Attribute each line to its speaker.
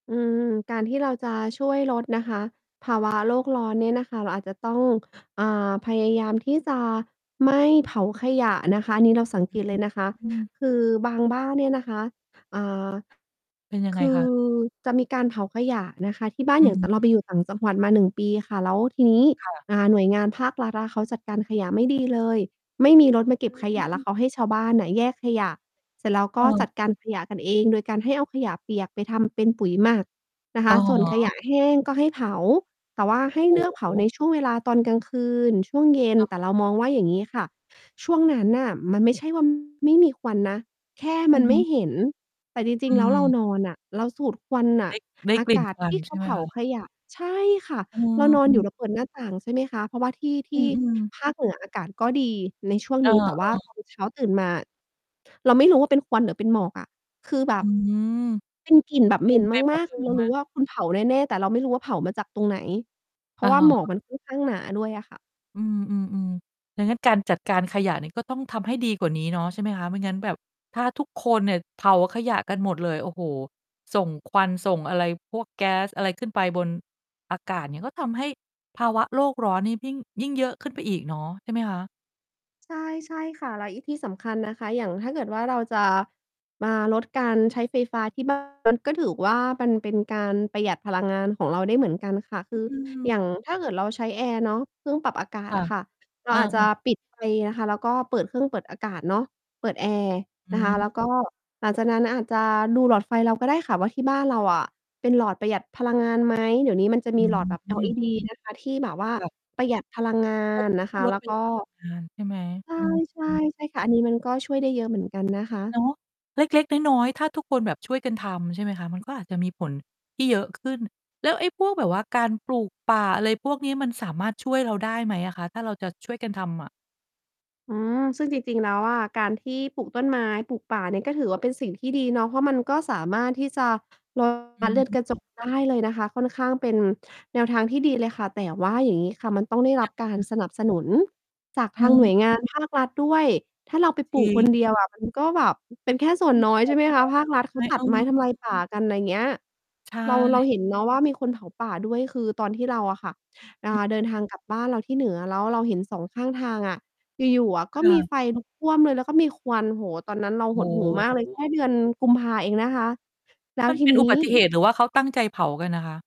Speaker 1: อืม การที่เราจะช่วยลดนะคะ ภา วะ โลกร้อนเนี่ยนะคะ เราอาจจะต้อง อ่า พยายามที่จะไม่เผาขยะนะคะ อันนี้เราสัง
Speaker 2: อ
Speaker 1: เ
Speaker 2: ื
Speaker 1: ก
Speaker 2: อ
Speaker 1: ต
Speaker 2: ฮึ
Speaker 1: เลยนะคะ
Speaker 2: อืม
Speaker 1: คือบางบ้านเนี่ยนะคะ อ่า
Speaker 2: เป็นยัง
Speaker 1: ค
Speaker 2: ไง
Speaker 1: ื
Speaker 2: ค
Speaker 1: อ
Speaker 2: ะ?
Speaker 1: จะมีการเผาขยะนะคะ ที่บ้า
Speaker 2: อ
Speaker 1: น
Speaker 2: ื
Speaker 1: อย่างตอนเราไป
Speaker 2: ม
Speaker 1: อยู่ต่างจังหวัดมา 1 ปีค่ะ แล้วทีนี้
Speaker 2: ค่ะ
Speaker 1: อ่า หน่วยงานภาครัฐอะเขาจัดการขยะไม่ ดี เลย ไม่มีรถมาเก
Speaker 2: อ
Speaker 1: ็บขยะแล้
Speaker 2: ื
Speaker 1: ว
Speaker 2: ม
Speaker 1: เขาให้ชาวบ้านน่ะแยกขยะเสร็จแล้วก
Speaker 2: เ
Speaker 1: ็
Speaker 2: ออ
Speaker 1: จัดการขยะกันเอง โดยการให้เอาขยะเปียกไปทำ เป็น ปุ๋ยหมักนะค
Speaker 2: อ๋
Speaker 1: ะ ส่วนขยะ
Speaker 2: อ
Speaker 1: แห้งก็ให้เผา แต่ว่าให้
Speaker 2: โอ
Speaker 1: เ
Speaker 2: ้
Speaker 1: ลือก เผ
Speaker 2: โ
Speaker 1: าใน
Speaker 2: ฮ
Speaker 1: ช่วงเวลาตอนกลางคืน ช่วงเย็น
Speaker 2: เ
Speaker 1: แต่เรา
Speaker 2: ออ
Speaker 1: มองว่าอย่างงี้ค่ะ ช่วงนั้นน่ะมันไม่ใช่ ว่า ไม่มีควันนะ แค่
Speaker 2: อ
Speaker 1: ม
Speaker 2: ื
Speaker 1: ั
Speaker 2: อ
Speaker 1: น
Speaker 2: ฮ
Speaker 1: ไม่
Speaker 2: ึ
Speaker 1: เห็น แต่จร
Speaker 2: อ
Speaker 1: ิ
Speaker 2: ื
Speaker 1: ง ๆ แล้วเรา
Speaker 2: ม
Speaker 1: นอนอะ เราสูดควันน
Speaker 2: ไ
Speaker 1: ่ะ
Speaker 2: ด้ ได้
Speaker 1: อา
Speaker 2: กลิ่
Speaker 1: ก
Speaker 2: น
Speaker 1: าศ
Speaker 2: ควั
Speaker 1: ท
Speaker 2: น
Speaker 1: ี่เข
Speaker 2: ใช่
Speaker 1: า
Speaker 2: ไหม
Speaker 1: เผา
Speaker 2: คะ?
Speaker 1: ขยะ ใช่ค่ะ
Speaker 2: เออ
Speaker 1: เรานอ
Speaker 2: อ
Speaker 1: น
Speaker 2: ื
Speaker 1: อยู
Speaker 2: อ
Speaker 1: ่เราเปิดหน้าต่างใช่ไหมคะ เพราะว่าที่ ท
Speaker 2: อื
Speaker 1: ี่
Speaker 2: อ ๆ
Speaker 1: ภาคเหนืออากาศก็ดีในช่วง
Speaker 2: เอ
Speaker 1: นี้ แต่ ว่า
Speaker 2: อ ๆ
Speaker 1: ตอน เช้าตื่นมาเราไม่รู้ว่าเป็นควันหรือเป็นหมอกอะ คือแบ
Speaker 2: อื
Speaker 1: บ
Speaker 2: ม
Speaker 1: เป็นกลิ่นแบบเ
Speaker 2: เ
Speaker 1: ห
Speaker 2: ต
Speaker 1: ม
Speaker 2: ็
Speaker 1: ็
Speaker 2: ม
Speaker 1: น
Speaker 2: ไปหม
Speaker 1: มา
Speaker 2: ด
Speaker 1: ก
Speaker 2: เล
Speaker 1: ๆ ค
Speaker 2: ย
Speaker 1: ือ
Speaker 2: ใ
Speaker 1: เ
Speaker 2: ช
Speaker 1: ร
Speaker 2: ่
Speaker 1: า
Speaker 2: ไห
Speaker 1: ร
Speaker 2: ม?
Speaker 1: ู้ว่าคุณเผาแน่ ๆ แต่เราไม่รู้ว่าเผามาจากตรงไหน เพร
Speaker 2: อ
Speaker 1: า
Speaker 2: ะ
Speaker 1: ะว่า
Speaker 2: ฮ
Speaker 1: หมอ
Speaker 2: ะ
Speaker 1: กมัน ค่อน ข้างหนาด้วยอะค่ะ
Speaker 2: อืม ๆ ๆ ดังนั้นการจัดการขยะเนี่ย ก็ต้องทำให้ดีกว่านี้เนาะใช่ไหมคะ ไม่งั้นแบบ ถ้าทุกคนเนี่ยเผาขยะกันหมดเลย โอ้โฮ ส่งควัน ส่งอะไร พวกแก๊สอะไร ขึ้นไปบนอากาศเนี่ย ก็ทำให้ภาวะโลกร้อนเนี่ยยิ่ง ยิ่งเยอะขึ้นไปอีกเนาะ ใช่ไหมคะ?
Speaker 1: ใช่ ใช่ค่ะ แล้วอีกที่สำคัญนะคะ อย่างถ้าเกิดว่าเราจะมาลดการใช้ไฟฟ้าที่ บ้าน มัน ก็ถือว่ามันเป็นการประหยัดพลังงานของเราได้เหมือนกันค่ะ คือ
Speaker 2: อื
Speaker 1: อ
Speaker 2: ม
Speaker 1: ย่าง ถ้าเกิดเราใช้แอร์เนาะ เครื่องปรับอากา
Speaker 2: ค
Speaker 1: ศ
Speaker 2: ่ะ
Speaker 1: อะค่ะ เร
Speaker 2: เ
Speaker 1: า
Speaker 2: ออ
Speaker 1: อาจจะปิดไฟนะคะ แล้วก็เปิดเครื่องเปิดอากาศเนาะ เปิดแอร์
Speaker 2: อ
Speaker 1: นะคะ
Speaker 2: ืม
Speaker 1: แล้วก็หลังจากนั้นอาจจะดูหลอดไฟเรา ก็ ได้ค่ะว่าที่บ้านเราอะ เป็นหลอดประหยัดพลังงาน ไหม เดี๋ยวนี้มันจะม
Speaker 2: อ
Speaker 1: ีหลอดแบบ
Speaker 2: ืม
Speaker 1: LED นะคะที่แบบว่า
Speaker 2: ค่ะ
Speaker 1: ประหยัดพลังงา
Speaker 2: ลด
Speaker 1: น นะ
Speaker 2: ช
Speaker 1: ค
Speaker 2: ่วย
Speaker 1: ะ
Speaker 2: ล
Speaker 1: แล
Speaker 2: ด
Speaker 1: ้
Speaker 2: ป
Speaker 1: ว
Speaker 2: ร
Speaker 1: ก
Speaker 2: ะ
Speaker 1: ็
Speaker 2: หยัดพลัง งานใช่ไหม? อื
Speaker 1: ใช่
Speaker 2: ม
Speaker 1: ๆ ใช่ค่ะ อันนี้มันก็ช่วยได้เยอะเหมือนกัน นะ คะ
Speaker 2: เนาะ เล็ก ๆ น้อย ๆ ถ้าทุกคนแบบช่วยกันทำใช่ไหมคะ? มันก็อาจจะมีผลที่เยอะขึ้น แล้วไอ้พวกแบบว่าการปลูกป่าอะไรพวกนี้ มันสามารถช่วยเราได้ไหมอะคะ ถ้าเราจะช่วยกันทำอะ?
Speaker 1: อืม ซึ่งจริง ๆ แล้วอะ การที่ปลูกต้นไม้ปลูกป่าเนี่ย ก็ถือว่าเป็นสิ่งที่ดีเนาะ เพราะมันก็สามารถที่จะ ลด
Speaker 2: อ
Speaker 1: ก๊าซ
Speaker 2: ื
Speaker 1: เรือนกระจ
Speaker 2: ม
Speaker 1: กได้เลยนะคะ ค่อนข้างเป็นแนวทางที่ดีเลยค่ะ แต่ว่าอย่างงี้ค่ะ มันต้องได้ร
Speaker 2: ย
Speaker 1: ับ
Speaker 2: ังไง
Speaker 1: การ
Speaker 2: คะ?
Speaker 1: สนับสนุนจากทางหน่วย
Speaker 2: เ
Speaker 1: ง
Speaker 2: ออ
Speaker 1: านภาครัฐด้วย ถ้าเราไป
Speaker 2: จ
Speaker 1: ปลู
Speaker 2: ริ
Speaker 1: ก คน
Speaker 2: ง
Speaker 1: เดียวอะ มันก็แบบเป็นแค่ส่วน
Speaker 2: มี
Speaker 1: น้
Speaker 2: ผ
Speaker 1: อย
Speaker 2: ลเนา
Speaker 1: ใช่ไหมคะ ภาครั
Speaker 2: ะใช
Speaker 1: ฐ
Speaker 2: ่
Speaker 1: เข
Speaker 2: ไห
Speaker 1: า
Speaker 2: ม?
Speaker 1: ตั
Speaker 2: เอ
Speaker 1: ดไม้ทำลา
Speaker 2: อ
Speaker 1: ยป่ากัน อะไรอย่างเงี้ย
Speaker 2: ใช
Speaker 1: เรา เรา
Speaker 2: ่
Speaker 1: เห็นเนาะว่ามีคนเผาป่าด้วย คือตอนที่เราอะค่ะ อ่า
Speaker 2: อือ
Speaker 1: เดินทางกลับบ้านเราที่เหนือ แล้วเราเห็น 2 ข้างทางอะ อยู่ ๆ อะ ก็
Speaker 2: ค่
Speaker 1: มี
Speaker 2: ะ
Speaker 1: ไฟลุกท่วมเลย แล้วก็มีควัน โอ้โฮ ตอนนั้นเรา
Speaker 2: โอ
Speaker 1: ห
Speaker 2: ้
Speaker 1: ดหู่มา
Speaker 2: โ
Speaker 1: กเลย แค
Speaker 2: ฮ
Speaker 1: ่เดือนกุมภาเองนะคะ แล้
Speaker 2: ม
Speaker 1: ว
Speaker 2: ัน
Speaker 1: ที
Speaker 2: เป็น
Speaker 1: นี
Speaker 2: อุบ
Speaker 1: ้
Speaker 2: ัติเหตุหรือว่าเขาตั้งใจเผากันน่ะคะ?